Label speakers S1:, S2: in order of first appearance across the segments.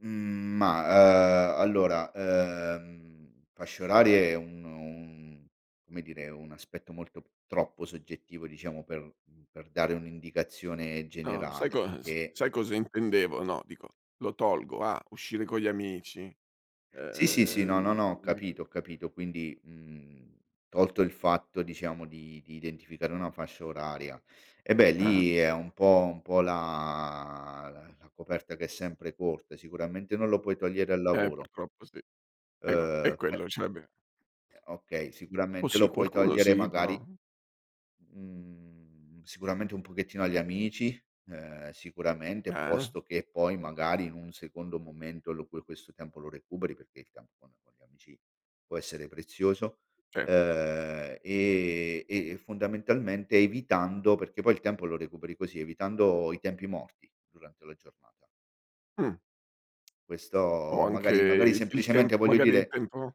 S1: Mhmm, ma ehm, allora, ehm, fasce orarie è uno un come dire, un aspetto molto troppo soggettivo diciamo per per dare un'indicazione
S2: No, sai
S1: generale
S2: cos
S1: perché
S2: sai cosa intendevo? No, dico, lo tolgo a uscire con gli amici,
S1: Sì, sì, sì, no, no,
S2: ehm,
S1: no, ho
S2: mhmm
S1: capito, ho capito. Quindi, mhmm, tolto il fatto, diciamo, di di identificare una fascia oraria. Eh, beh,
S2: Ah.
S1: lì è un po' un po' la la coperta che è sempre corta, sicuramente non lo puoi togliere al
S2: Eh,
S1: lavoro.
S2: purtroppo, sì. Eh, vabbè, e
S1: Ehm, poi
S2: quello ce l'abbiam
S1: Uhm, okay.
S2: O
S1: Sicuramente
S2: sì?
S1: lo puoi
S2: Qualcuno
S1: togliere
S2: sì,
S1: magari
S2: però.
S1: mhmm, sicuramente un pochettino agli amici, ehm, sicuramente
S2: Ah, eh.
S1: posto che poi magari in un secondo momento lo puoi questo tempo lo recuperi perché il tempo con con gli amici può essere prezioso,
S2: Sì.
S1: ehm, e e, fondamentalmente, evitando perché poi il tempo lo recuperi così, evitando i tempi morti durante la giornata.
S2: Mh. O
S1: Questo
S2: anche
S1: magari magari
S2: il il tem
S1: semplicemente voglio
S2: magari il
S1: dire
S2: tempo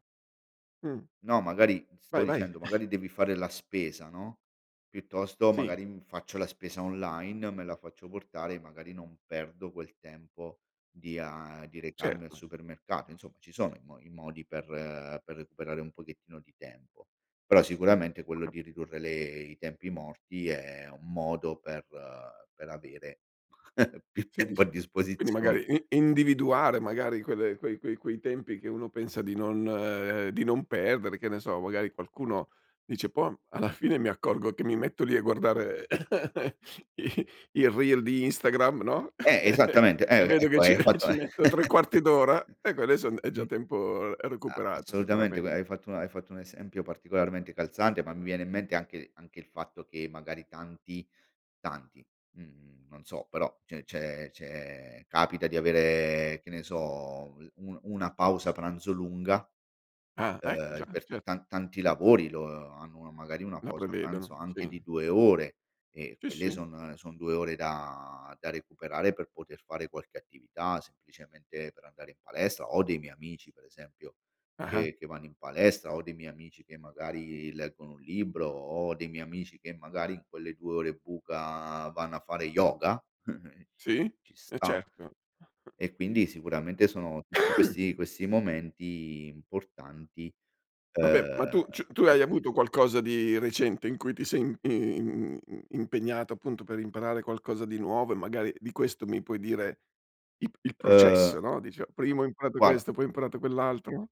S2: mh.
S1: No, magari, stavo
S2: Vai, vai.
S1: dicendo, magari devi fare la spesa, no, piuttosto
S2: Sì.
S1: magari mi faccio la spesa online, me la faccio portare, magari non perdo quel tempo di ehm, di recarmi al
S2: Certo.
S1: supermercato, insomma, ci sono i mo i modi per per recuperare un pochettino di tempo. Però sicuramente quello di ridurre le i tempi morti è un modo per per avere più
S2: Sì,
S1: tempo a
S2: dice quindi,
S1: disposizione.
S2: magari i individuare magari quelle quei quei quei tempi che uno pensa di non di non perdere, che ne so, magari qualcuno dice: "Bon, alla fine mi accorgo che mi metto lì a guardare i il reel di Instagram", no?
S1: Eh, esattamente.
S2: E
S1: Eh,
S2: vedo che
S1: ecco,
S2: ci
S1: hai fatto
S2: ci
S1: un
S2: metto tre quarti d'ora, ecco adesso è n è già
S1: Mh.
S2: tempo è
S1: A
S2: recuperato
S1: assolutamente
S2: sicurame
S1: q hai fatto hai fatto un esempio particolarmente calzante, ma mi viene in mente anche anche il fatto che magari tanti tanti, mhmm, non so, però, ce n c'è c'è capita di avere, che ne so, l un una pausa pranzo lunga,
S2: Ah, ecco, già,
S1: ehm, per
S2: certo.
S1: ta tanti lavori lo hanno magari una
S2: La
S1: pausa pranzo
S2: prevedono.
S1: anche di
S2: Sì.
S1: 2 ore e
S2: Sì,
S1: quelle
S2: sì.
S1: son son 2 ore da da recuperare per poter fare qualche attività, semplicemente per andare in palestra. Ho dei miei amici, per esempio,
S2: Ah-ah.
S1: che che vanno in palestra, ho dei miei amici che magari leggono un libro, ho dei miei amici che magari in quelle 2 ore buca vanno a fare yoga. C
S2: Sì.
S1: ci
S2: Eh,
S1: sta.
S2: certo.
S1: E quindi sicuramente sono tutti questi questi momenti importanti,
S2: Vabbè, ma
S1: ehm,.
S2: tu ci tu hai avuto
S1: [unintelligible]
S2: qualcosa di recente in cui ti sei in i i in impegnato appunto per imparare qualcosa di nuovo e magari di questo mi puoi dire ip il
S1: Ehm
S2: processo, no, dice: "Prima ho imparato
S1: guarda
S2: questo, poi ho imparato quell'altro?"